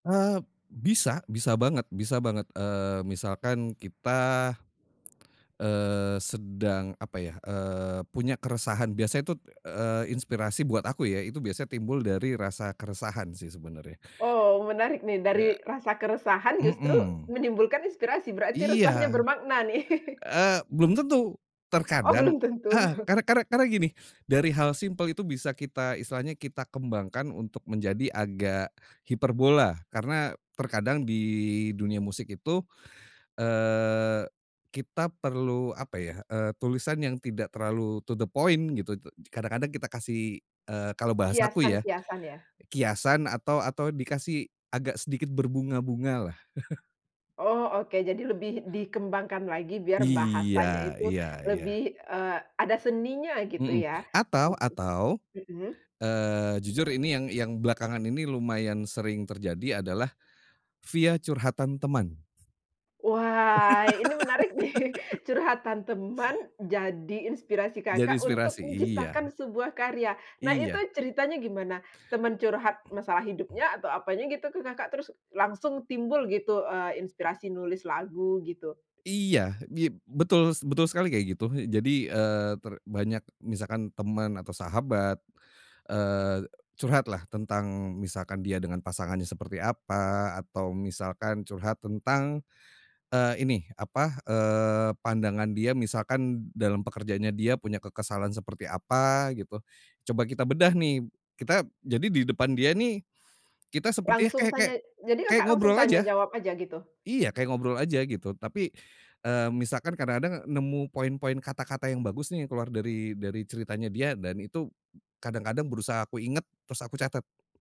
Eee, bisa bisa banget bisa banget, eee, misalkan kita, eee, sedang apa ya, eee, punya keresahan biasanya tut, eee, itu inspirasi buat aku ya, itu biasa timbul dari rasa keresahan sih, sebenarnya. Oh menarik nih, dari He rasa keresahan justru mhm. menimbulkan inspirasi, berarti resahnya Iya. bermakna nih. Eee, belum tentu, Oh, terkadang belum tentu. heeh, karena karena karena gini, dari hal simpel itu bisa kita istilahnya kita kembangkan untuk menjadi agak hiperbola. Karena terkadang di dunia musik itu, eee, kita perlu apa ya, eee, tulisan yang tidak terlalu to the point gitu. Te kadang-kadang kita kasih, eee, kalau bahasa aku ya, Kiasan-kiasan ya? kiasan atau atau dikasih agak sedikit berbunga-bunga lah. Oh oke, jadi lebih dikembangkan lagi, biar bahasanya Iya itu iya iya. lebih, eee, ada seninya gitu Mhm, ya? atau Waktu atau, mhm. eee, jujur ini yang yang belakangan ini lumayan sering terjadi adalah via curhatan teman. Wah, ini menarik nih, curhatan teman, jadi inspirasi Jadi Kakak untuk inspirasi, menciptakan iya. sebuah karya. Nah, itu Iya. ceritanya gimana? Teman curhat masalah Mhm. hidupnya atau apanya gitu, terus langsung timbul gitu, eee, inspirasi nulis lagu gitu? Iya, di betul betul sekali kayak gitu. Jadi, eee, ter banyak misalkan teman atau sahabat, eee, curhatlah tentang misalkan dia dengan pasangannya seperti apa, atau misalkan curhat tentang, eee, ini, apa, eee, pandangan dia misalkan dalam pekerjaannya dia punya kekesalan seperti apa, gitu. Coba kita bedah nih, kita jadi di depan dia nih, kita sepertinya Langsung kayak kayak tanya? Jadi kayak Kakak langsung ngobrol tanya aja, jawab aja gitu? iya kayak ngobrol aja gitu. Tapi, eee, misalkan kadang-kadang nemu poin-poin kata-kata yang bagus nih, keluar dari dari ceritanya dia, dan itu b kadang-kadang berusaha aku inget, terus aku catat.